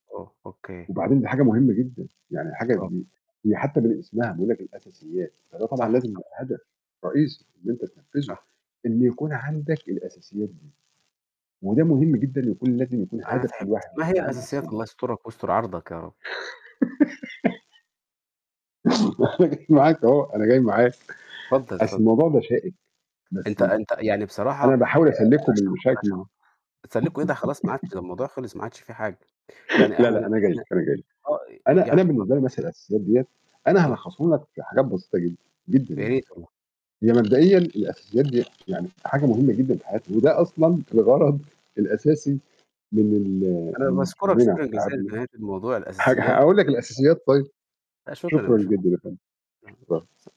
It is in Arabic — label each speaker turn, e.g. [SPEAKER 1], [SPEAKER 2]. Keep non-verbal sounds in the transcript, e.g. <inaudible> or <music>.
[SPEAKER 1] أو أوكي.
[SPEAKER 2] وبعدين دي حاجة مهمة جدًا، يعني حاجة
[SPEAKER 1] طب
[SPEAKER 2] دي هي حتى من اسمها بيقول لك الأساسيات، فده طبعًا
[SPEAKER 1] صح،
[SPEAKER 2] لازم
[SPEAKER 1] صح.
[SPEAKER 2] يبقى هدف رئيسي إن أنت تنفذه
[SPEAKER 1] صح.
[SPEAKER 2] إن يكون عندك الأساسيات دي. وده مهم جدًا يكون لازم يكون
[SPEAKER 1] أنا
[SPEAKER 2] هدف كل
[SPEAKER 1] تعبت.
[SPEAKER 2] واحد إن
[SPEAKER 1] ما هي
[SPEAKER 2] يكون عنده
[SPEAKER 1] الأساسيات؟
[SPEAKER 2] أساسيات.
[SPEAKER 1] الله يسترك ويستر عرضك يا رب.
[SPEAKER 2] <laughs> <laughs> أنا جاي معاك أهو، أنا جاي معاك.
[SPEAKER 1] اتفضل،
[SPEAKER 2] أصل
[SPEAKER 1] اتفضل.
[SPEAKER 2] الموضوع ده شائك،
[SPEAKER 1] أنت
[SPEAKER 2] بس
[SPEAKER 1] أنت يعني بصراحة،
[SPEAKER 2] أنا
[SPEAKER 1] آآ
[SPEAKER 2] باحاول أسلكه من
[SPEAKER 1] <unintelligible> تسكلوا إيه ده خلاص ما عادش
[SPEAKER 2] <unintelligible> <laughs>
[SPEAKER 1] ده الموضوع خلص ما عادش فيه حاجة. يعني
[SPEAKER 2] <laughs> لا،
[SPEAKER 1] إحنا
[SPEAKER 2] لأ أنا جاي لك،
[SPEAKER 1] إحنا
[SPEAKER 2] أنا جاي لك.
[SPEAKER 1] آه
[SPEAKER 2] أنا
[SPEAKER 1] يعني
[SPEAKER 2] أنا
[SPEAKER 1] اتفضل.
[SPEAKER 2] بالنسبة لي مثلًا الأساسيات دِيَّة أنا
[SPEAKER 1] آه.
[SPEAKER 2] هالخصه لك في حاجات بسيطة جدًا، جدًا
[SPEAKER 1] يا
[SPEAKER 2] يعني.
[SPEAKER 1] ريت والله.
[SPEAKER 2] هي مبدئيًا الأساسيات دِيَّة يعني حاجة مهمة جدًا في حياتي، وده أصلًا الغرض الأساسي من ال
[SPEAKER 1] أنا
[SPEAKER 2] من
[SPEAKER 1] باشكرك
[SPEAKER 2] شغلنا
[SPEAKER 1] شكرًا جزيلًا
[SPEAKER 2] وتعبنا.
[SPEAKER 1] في نهاية الموضوع
[SPEAKER 2] ه
[SPEAKER 1] الأساسيات،
[SPEAKER 2] هاقول لك الأساسيات طيب.
[SPEAKER 1] <unintelligible> لا شكرًا يا
[SPEAKER 2] شكرًا جدًا يا
[SPEAKER 1] باشمهندس
[SPEAKER 2] فندم.
[SPEAKER 1] <unintelligible>
[SPEAKER 2] شكرًا.